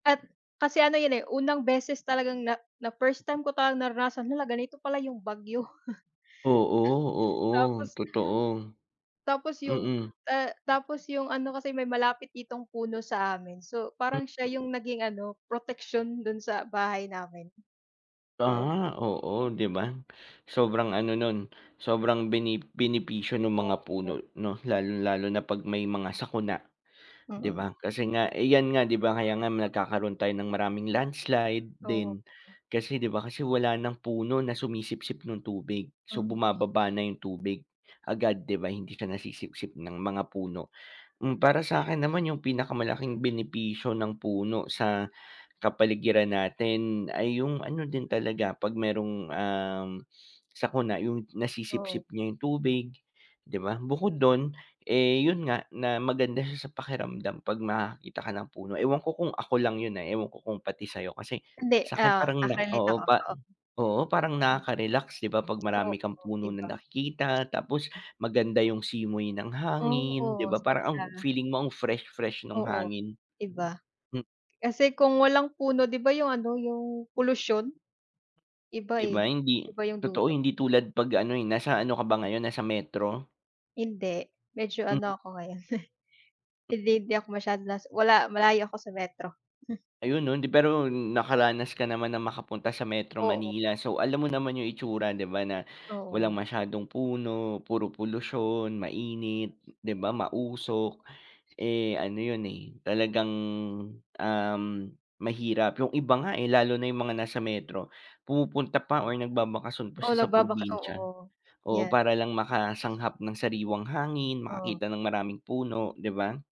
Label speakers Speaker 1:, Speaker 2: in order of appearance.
Speaker 1: At kasi ano yun eh, unang beses talagang na na first time ko talaga naranasan na "La, ganito pala yung bagyo."
Speaker 2: Oo, oo,
Speaker 1: Tapos
Speaker 2: totoo.
Speaker 1: tapos yung,
Speaker 2: Mm.
Speaker 1: ah, tapos yung ano kasi, may malapit ditong puno sa amin, so,
Speaker 2: Mm.
Speaker 1: parang siya yung naging ano, proteksiyon do'n sa bahay namin. Oo.
Speaker 2: Aha, oo, 'di ba? Sobrang ano, no'n, sobrang bene benepisyo ng
Speaker 1: Oo
Speaker 2: mga
Speaker 1: po.
Speaker 2: puno, 'no, lalong-lalo na 'pag may mga sakuna, 'di
Speaker 1: Mm.
Speaker 2: ba? Kasi nga, eh, yan nga 'di ba, kaya nga nagkakaroon tayo ng maraming landslide din,
Speaker 1: Opo.
Speaker 2: kasi 'di ba, kasi wala ng puno na sumisipsip no'ng tubig. So,
Speaker 1: Mm.
Speaker 2: bumababa na yung tubig agad, 'di ba, hindi ka nasisipsip ng mga puno. Hmm, para sa'kin naman, yung pinakamalaking benepisyo ng puno sa kapaligiran natin, ay yung ano din talaga, 'pag merong, um, sakuna, yung
Speaker 1: Oo.
Speaker 2: nasisipsip niya yung tubig 'di ba? Bukod dun, eh, 'yon nga, na, maganda siya sa pakiramdam 'pag nakakita ka ng puno. Ewan ko kung ako lang 'yon ah, ewan ko kung pati sa'yo kasi,
Speaker 1: Hindi
Speaker 2: sa'kin
Speaker 1: oo,
Speaker 2: parang na
Speaker 1: naka-relate
Speaker 2: oo,
Speaker 1: ako,
Speaker 2: pa
Speaker 1: oo.
Speaker 2: oo, parang
Speaker 1: Mm.
Speaker 2: nakaka-relax 'di ba? 'Pag
Speaker 1: Oo,
Speaker 2: marami kang puno na
Speaker 1: iba.
Speaker 2: nakikita, tapos maganda yung simoy ng hangin, 'di
Speaker 1: Oo,
Speaker 2: ba, parang ang
Speaker 1: sobra.
Speaker 2: feeling mo ang fresh-fresh no'ng
Speaker 1: Oo,
Speaker 2: hangin.
Speaker 1: 'di ba?
Speaker 2: Hmm.
Speaker 1: Kasi kung walang puno, 'di ba, yung ano, yung polusyon. Iba
Speaker 2: 'Di ba
Speaker 1: eh,
Speaker 2: hindi
Speaker 1: iba yung
Speaker 2: totoo,
Speaker 1: dulot.
Speaker 2: hindi tulad 'pag ano eh, nasa ano ka ba ngayon, nasa metro?
Speaker 1: Hindi, medyo
Speaker 2: Mm.
Speaker 1: ano ako ngayon, hindi hindi ako masyado nasa wala, malayo ako sa metro.
Speaker 2: Ayun, oh, hindi pero nakaranas ka naman ng makapunta sa Metro
Speaker 1: Oo.
Speaker 2: Manila. So, alam mo naman yung itsura, 'di ba, na walang
Speaker 1: Oo.
Speaker 2: masyadong puno, puro polusyon, mainit, 'di ba, mausok, eh, ano yun, eh talagang, um, mahirap. Yung iba nga eh, lalo na yung mga nasa metro, pumupunta pa or nagbabakasyon pa siya
Speaker 1: Oo,
Speaker 2: sa
Speaker 1: nagbabaka
Speaker 2: probinsya,
Speaker 1: oo,
Speaker 2: oo,
Speaker 1: yan.
Speaker 2: para lang makalanghap ng sariwang hangin,
Speaker 1: Oo.
Speaker 2: makakita ng maraming puno, 'di ba?